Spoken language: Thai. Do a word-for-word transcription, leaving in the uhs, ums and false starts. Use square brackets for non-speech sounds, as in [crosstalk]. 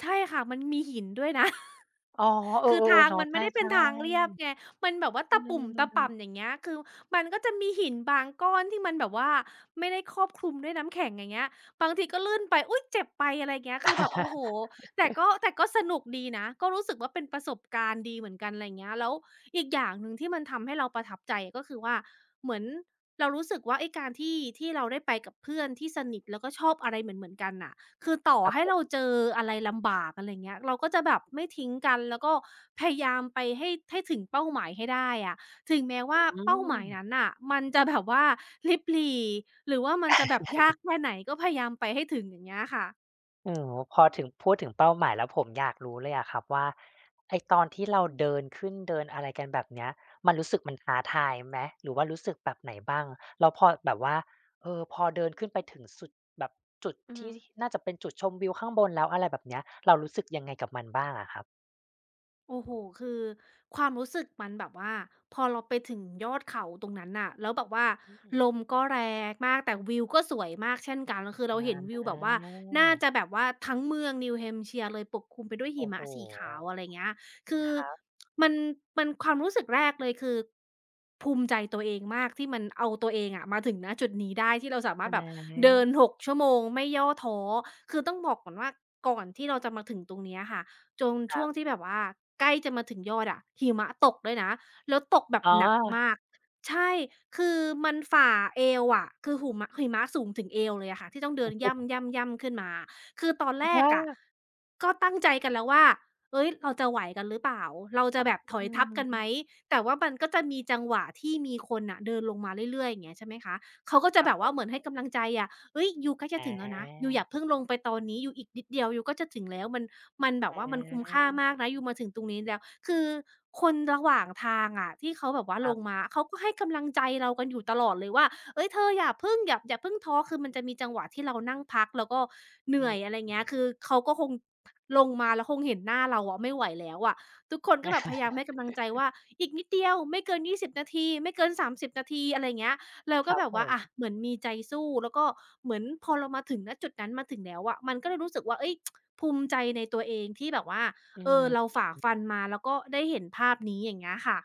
ใช่ค่ะ มันมีหินด้วย นะ อ๋อ เอคอ ือทาๆ ๆ งเนาะ มันใไมช่่ ได้เป็นทางเรียบไง ๆ มันแบบว่าอตืะปุ่มตะป่ม ำ อย่างเงี้ย คือมันก็จะมีหินบางก้อนที่มันแบบว่าไม่ได้ครอบคลุมด้วยน้ำแข็ง อย่างเงี้ย บางทีก็ลื่นไป อุ๊ย! เจ็บไป อะไรอย่างเงี้ย คือแบบ โอ้โฮ แต่ก็ แต่[laughs] ก็สนุกดีนะ ก็รู้สึกว่าเป็นประสบการณ์ดีเหมือนกัน อะไรอย่างเงี้ย แล้วอีกอย่างหนึ่งที่มันทำให้เราประทับใจก็คือว่า เหมือน เรารู้สึกว่าไอ้การที่ ที่เราได้ไปกับเพื่อนที่สนิท แล้วก็ชอบอะไรเหมือน ๆ กันน่ะ คือต่อครับให้ผเราม เจออะไรลำบาก อะไรอย่างเงี้ย เราก็จะแบบไม่ทิ้งกัน แล้วก็พยายามไปให้ ให้ถึงเป้าหมายให้ได้อะ ถึงแม้วอ่าืเป้าหมายม นั้นน่ะ มันจะแบบว่าริบหรี่ หรือว่ามันจะแบบยากแค่ไหน[chuckles] ก็พยายามไปให้ถึง อย่างเงี้ยอะค่ะ อืม พอถึง พูดถึงเป้าหมายแล้วผมอยากรู้เลยอะครับว่าไอ้ตอนที่เราเดินขึ้น เดินอะไรกัน แบบเนี้ย มันรู้สึกมันท้าทายไหม หรือว่ารู้สึกแบบไหนบ้าง? แล้วพอแบบว่า เออ พอเดินขึ้นไปถึงสุด แบบจุดอือทฮึ ี่ที่น่าจะเป็นจุดชมวิวข้างบนแล้ว อะไรแบบ เนี้ย เรารู้สึกยังไงกับมันบ้างอะครับ? โอ้โฮ คือความรู้สึกมันแบบว่า พอเราไปถึงยอดเขาตรงนั้นน่ะ แล้วแบบว่าอืม ลมก็แรงมาก แต่วิวก็สวยมากเช่นกัง คือเรอาเห็นวิวแบบว่าน่าา จะแบบว่าทั้งเมือง New Hampshire เลยปกคลุมไปด้วยโหอิ้มโฮ ะสีขาว อะไรอย่างเงี้ย คืคอ รับ [tsk] มัน มัน ความรู้สึกแรกเลยคือภูมิใจตัวเองมากที่มันเอาตัวเองอะมาถึง ณ จุดนี้ได้ ที่เราสามาอรถแบบเดิา น หก ชั่วโมง ไม่ย่อท้อ คือต้องบอกก่อนว่าก่อนที่เราจะมาถึงตรงเนี้ยค่ะ จง คชรั่วงบ ที่แบบว่าใกล้จะมาถึงยอดอะหิมะตกด้วยนะ แล้วตกแบบอ๋หนักมอ าก ใช่ คือมันฝ่าเอวอะ คือหุมะ หิมะสูงถึงเอวเลยอะค่ะ ที่ต้องเโอดิ้นโย่ำ ฮ ๆ ย่ำขึ้นมา คือตอนแอะรฮกอะ ะ ก็ตั้งใจกันแล้วว่า "เฮ้ย เราจะไหวกันหรือเปล่า? เราจะแบบถอือยทัพกันไหม?" อ แต่ว่ามันก็จะมีจังหวะที่มีคนอะเดินลงมาเรื่อย ๆ อย่างเงี้ย ใช่ไหมคะ เขาก็จะครัแบบบผว่ม าเหมือนให้กำลังใจอะ "เฮ้ย ยูใกล้จะถึงแล้วนะ ยูอย่อา าเพิ่งลงไปตอนนี้ ยูอีกนิดเดียว ยูก็จะถึงแล้ว มัน มันแบอบว่ามันคุ้มค่าา มากนะ ยูมาถึงตรงนี้แล้ว" คือคนระหว่างทางอะที่เขาแบบว่าครลับ งมา เขาก็ให้กำลังใจเรากันอยู่ตลอดเลยว่า "เฮ้ย เธออย่าพึ่ง อย่า อย่าเพิ่งท้อ" คือมันจะมีจังหวะที่เรานั่งพักแล้วก็เหนอืื่อย ม อะไรอย่อางืเงี้ย คือ อเขาก็คง ลงมา แล้วคงเห็นหน้าเราอะไม่ไหวแล้วอะ ทุกคนก็แบบพยายามให้กำลังใจว[chuckles] ่า "อีกนิดเดียว ไม่เกิน ยี่สิบ นาที ไม่เกิน สามสิบ นาที" อะไรเงี้ย เราคก็รัแบบบผว่า อา ม เหมือนมีใจสู้ แล้วก็เหมือนพอเรามาถึง ณ จุดนั้นมาถึงแล้วอะ มันก็เลยรู้สึกว่า เอ้ย [tsk] ภูมิใจในตัวเองที่แบบว่า อืเอม อ เราอืฝอ่าฮึ ฟันมาแล้วก็ได้เห็นภาพนี้ อย่างเงี้ยค่ะ